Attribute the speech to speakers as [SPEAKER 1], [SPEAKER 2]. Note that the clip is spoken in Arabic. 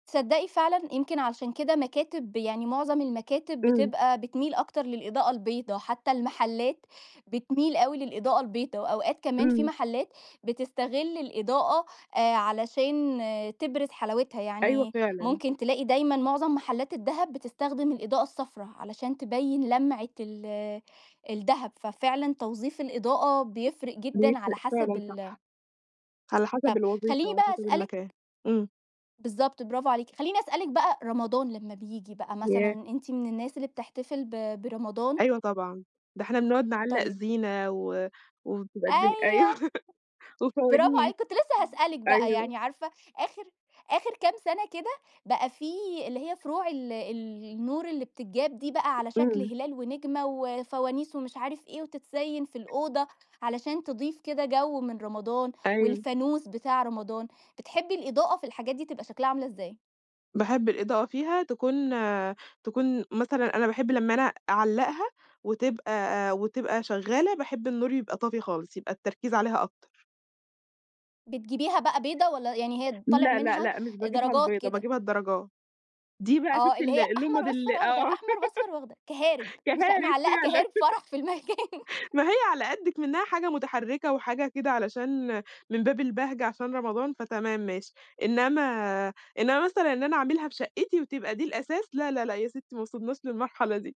[SPEAKER 1] تصدّقي فعلًا يمكن علشان كده مكاتب يعني معظم المكاتب
[SPEAKER 2] إمم.
[SPEAKER 1] بتبقى بتميل أكتر للإضاءة البيضا، حتّى المحلات بتميل أوي للإضاءة البيضا وأوقات كمان في
[SPEAKER 2] إمم.
[SPEAKER 1] محلات بتستغِل الإضاءة آآ علشان تبرز حلاوتها.
[SPEAKER 2] أيوه
[SPEAKER 1] يعني
[SPEAKER 2] فعلًا.
[SPEAKER 1] ممكن تلاقي دايمًا معظم محلّات الدهب بتستخدم الإضاءة الصفرا علشان تبيّن لَمعة ال الدهب ففعلًا توظيف الإضاءة بيفرِق جدًا على
[SPEAKER 2] بيفرق
[SPEAKER 1] حسب
[SPEAKER 2] فعلًا صح.
[SPEAKER 1] ال
[SPEAKER 2] على حَسَب
[SPEAKER 1] طَب
[SPEAKER 2] الوظيفة
[SPEAKER 1] خلّيني
[SPEAKER 2] وعلى
[SPEAKER 1] بس
[SPEAKER 2] حَسَب
[SPEAKER 1] أسألِك
[SPEAKER 2] المكان. إمم.
[SPEAKER 1] بالضبط برافو عليكِ. خلّيني أسألِك بقى رمضان لمّا بييجي بقى مثلًا
[SPEAKER 2] ياه!
[SPEAKER 1] أنتِ من الناس اللي بتحتفل ب برمضان؟
[SPEAKER 2] أيوه طبعًا. ده إحنا بنقعُد نعلّق
[SPEAKER 1] طيب
[SPEAKER 2] زينة و وبتبقي الدنيا
[SPEAKER 1] أيوه.
[SPEAKER 2] أيوه.
[SPEAKER 1] برافو
[SPEAKER 2] وفوانيس.
[SPEAKER 1] عليكِ، كنت لسّه هسألِك بقى
[SPEAKER 2] أيوه.
[SPEAKER 1] يعني عارفة آخِر آخِر كام سَنة كده بقى في اللي هي فروع ال ال النور اللي بتتجاب دي بقى على شكل
[SPEAKER 2] إمم.
[SPEAKER 1] هلال ونجمة وفوانيس ومش عارف إيه وتتزيّن في الأوضة علشان تضيف كده جَو من رمضان
[SPEAKER 2] أيوه.
[SPEAKER 1] والفانوس بتاع رمضان، بتحبّي الإضاءة في الحاجات دي تبقى شكلها عاملة إزاي؟
[SPEAKER 2] باحب الإضاءة فيها تكون تكون مثلًا أنا باحب لمّا أنا أعلَّقها وتبقى وتبقى شغّالة، باحب النور يبقى طافي خالص، يبقى التركيز عليها أكتر.
[SPEAKER 1] بتجيبيها بقى بيضا والّا يعني هي طالع
[SPEAKER 2] لأ، لأ،
[SPEAKER 1] منها
[SPEAKER 2] لأ مش باجييبها
[SPEAKER 1] درجات
[SPEAKER 2] البيضا،
[SPEAKER 1] كده؟
[SPEAKER 2] باجييبها الدَرَجا دي بقى
[SPEAKER 1] آه.
[SPEAKER 2] شُفتي
[SPEAKER 1] اللي
[SPEAKER 2] ال
[SPEAKER 1] هي أحمر
[SPEAKER 2] اللُمَض
[SPEAKER 1] وأصفر
[SPEAKER 2] ال
[SPEAKER 1] وأخضر،
[SPEAKER 2] آه.
[SPEAKER 1] أحمر وأصفر وأخضر، كَهَارِب مش
[SPEAKER 2] كَهَارِب
[SPEAKER 1] معلَّقة
[SPEAKER 2] فعلًا.
[SPEAKER 1] كَهَارِب فَرَح في المكان.
[SPEAKER 2] ما هي على قد إكْمنَّها حاجة مُتَحرِّكة وحاجة كده علشان من باب البهجة عشان رمضان، فتمام ماشي. إنّما إنّما مثلًا إن أنا أعملها في شقِّتي وتبقى دي الأساس لا، لا، لأ يا سِتِّي ما وصلناش للمرحلة دي.